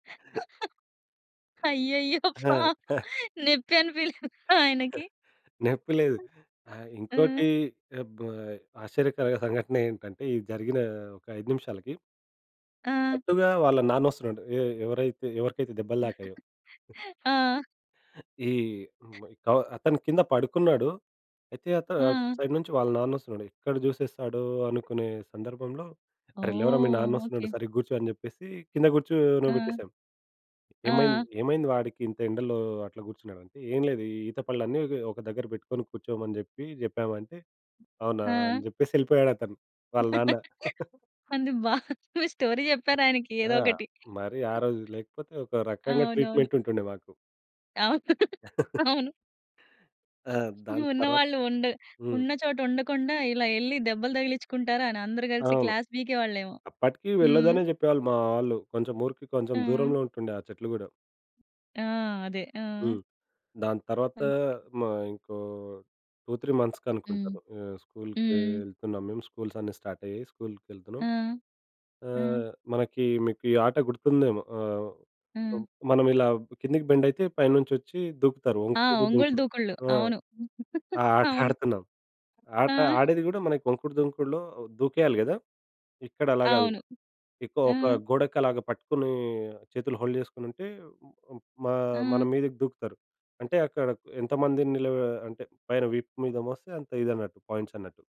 అయ్యయ్యో! ఆ! పాపం. నొప్పి అనిపియలేదా ఆయనకి? నొప్పి లేదు. ఆహ్, ఇంకోటి హ్మ్. అబ్ ఆశ్చర్యకరమైన సంఘటనేంటంటే, ఇది జరిగిన ఒక 5 నిమిషాలకి ఆ! అటుగా వాళ్ళ నాన్న ఒస్తునాడు, ఎ ఎవరైతే ఎవరికైతే దెబ్బలు తాకాయో. ఆ! ఈ బ్ డౌ అతను కింద పడుకున్నాడు. అయితే అత అటు ఆ! సైడ్ నుంచి వాళ్ళ నాన్న ఒస్తున్నాడు. ఎక్కడ చూసేస్తాడో అనుకునే సందర్భంలో, "అరె! లెవరా మీ ఓహ్! నాన్న ఒస్తున్నాడు ఓకే. సరిగా గూర్చో!" అని చెప్పేసి కింద కూర్చోన ఆ! బెట్టేసాం. "ఏమైంది ఆ! ఏమైంది వాడికి ఇంత ఎండలో అట్లా కూర్చున్నాడంటే," "ఏం లేదు, ఈ ఈత పళ్ళు అన్ని ఇక్ ఒక దగ్గర పెట్టుకొని కూర్చోమని జెప్పి జెప్పాము" అంటే "అవునా!" అని ఆ! జెప్పేసి ఎళ్ళిపోయాడు అతను వాళ్ళ నాన్న. కానీ బాగుంది. స్టోరీ జెప్పారు ఆయనకి ఏదో ఆ! ఒకటి. మరి ఆ రోజు లేకపోతే, ఒక రకంగా అవునవును. ట్రీట్‌మెంట్ ఉంటుండే మాకు. అవును. అవును. ఆ! దాని తర్వాత ఉన్నవాళ్ళు ఉండ హ్మ్. ఉన్న చోట ఉండకుండా ఇలా ఎళ్లి దెబ్బలు తగిలిచుకుంటారా? అని అందరూ కలిసి అవును. క్లాస్‌పీకే వాళ్ళేమో! అప్పటికి హ్మ్. వెళ్ళదనే చెప్పేవాళ్ళు మా వాళ్ళు. కొంచెం ఊరికి కొంచెం హ్మ్. దూరంలో ఉంటుండే ఆ చెట్లు గూడా. ఆ! అదే. ఆ! హ్మ్. దాని తర్వాత, ఓకే. మ ఇంకో 2, 3 మంత్స్‌కి హ్మ్. అనుకుంటాను, ఆహ్, స్కూలుకి హ్మ్. వెళ్తున్నాం మేము. స్కూల్స్ అన్ని స్టార్ట్ అయ్యాయి, స్కూల్‌కెళ్తున్నాం. ఆ! హ్మ్. ఆహ్, మనకి మీకు ఈ ఆట గుర్తుందేమో ఆహ్, హ్మ్. మనమిలా కిందకి బెండైతే పైనుంచ్చిచ్చి దూకుతారు. ఆ! 'వంకుడు, వంగులు దుంకుడు.' దూకుల్లు. ఆ! అవును. ఆ ఆట అవును. ఆడుతున్నాం. ఆ! ఆట ఆడేది గూడా మనకి వంకుడు దుంకుడులో దూకేయాలి గదా! ఇక్కడలా గాదు. అవును. ఇక ఆ! ఒక గోడకలాగా పట్టుకొని, చేతులు హోల్డ్ చేసుకొనుంటే, మా మన ఆ! మీదకి దూకుతారు. అంటే అక్కడ ఎంతమంది నిలవ, అంటే పైన విపు మీద మోస్తే అంత ఇది అన్నట్టు, పాయింట్స్ అన్నట్టు.